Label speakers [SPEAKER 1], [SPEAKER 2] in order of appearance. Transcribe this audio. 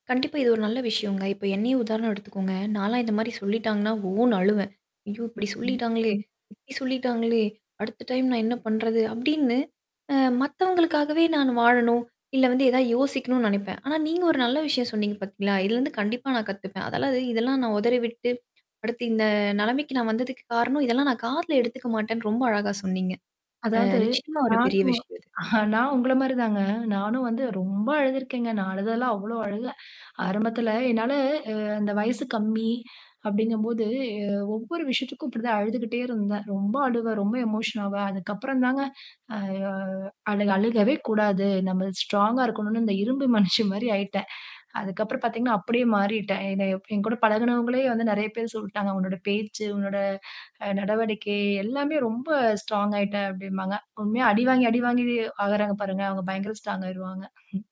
[SPEAKER 1] கண்டிப்பா இது ஒரு நல்ல விஷயங்க. இப்ப என்னையே உதாரணம் எடுத்துக்கோங்க. நான்லாம் இந்த மாரி சொல்லிட்டாங்கன்னா, ஓன்னு அழுவேன். "ஐயோ! இப்டி
[SPEAKER 2] ம்ஹ்ம்
[SPEAKER 1] சொல்லிட்டாங்களே
[SPEAKER 2] ம்
[SPEAKER 1] இப்டி சொல்லிட்டாங்களே. அடுத்த டைம் நான் என்னா பண்றது?" அப்படின்னு, அ மத்தவங்களுக்காகவே நான் வாழணும், இல்ல வந்து ஏதாவது யோசிக்கணும்ன்னு நெனைப்பேன். ஆனா நீங்க ஒரு நல்ல விஷயம் சொன்னீங்க பாத்தீங்களா? இதுலருந்து கண்டிப்பா நான் கத்துப்பேன். அதெல்லாம் இது இதெல்லாம் நான் உதறிவிட்டு, அடுத்து இந்த நெலமைக்கு நான் வந்ததுக்கு காரணம், இதெல்லாம் நான் காதுல எடுத்துக்க மாட்டேன்னு, ரொம்ப அழகா சொன்னீங்க. அ
[SPEAKER 2] அதாவது,
[SPEAKER 1] நிச்சயமா ஒரு பெரிய
[SPEAKER 2] நானும்
[SPEAKER 1] விஷயம் இது.
[SPEAKER 2] அ, நான் உங்கள மாதிரி தாங்க. நானும் வந்து ரொம்ப அழுதுருக்கேங்க. நான் அழுததெல்லாம் அவ்ளோ அழுக! ஆரம்பத்துல என்னால அ அந்த வயசு கம்மி அப்டிங்கம்போது, ஏ ஒவ்வொரு விஷயத்துக்கும் இப்டித்தான் அழுதுகிட்டே இருந்தேன். ரொம்ப அழுவேன், ரொம்ப எமோஷன் ஆவேன். அதுக்கு அப்புறம் தாங்க அ யோ அழுக் அழுகவே கூடாது. நம்ம ஸ்ட்ராங்கா இருக்கனும்ன்னு, இந்த இரும்பு மனுஷி மாரி ஆயிட்டேன். அதுக்கு அப்புறம் பாத்தீங்கன்னா, அப்படியே மாறிட்டேன். என்ன எப் என் கூட பழகுனவங்களே வந்து நெறையா பேர் சொல்டாங்க. "உன்னோட பேச்சு, உன்னோட அ, நடவடிக்கை எல்லாமே ரொம்ப ஸ்ட்ராங் ஆயிட்ட" அப்டிம்பாங்க. உண்மையா அடிவாங்கி அடிவாங்கியே ஆகறாங்க பாருங்க. அவுங்க பயங்கர ஸ்ட்ராங் ஆயிருவாங்க.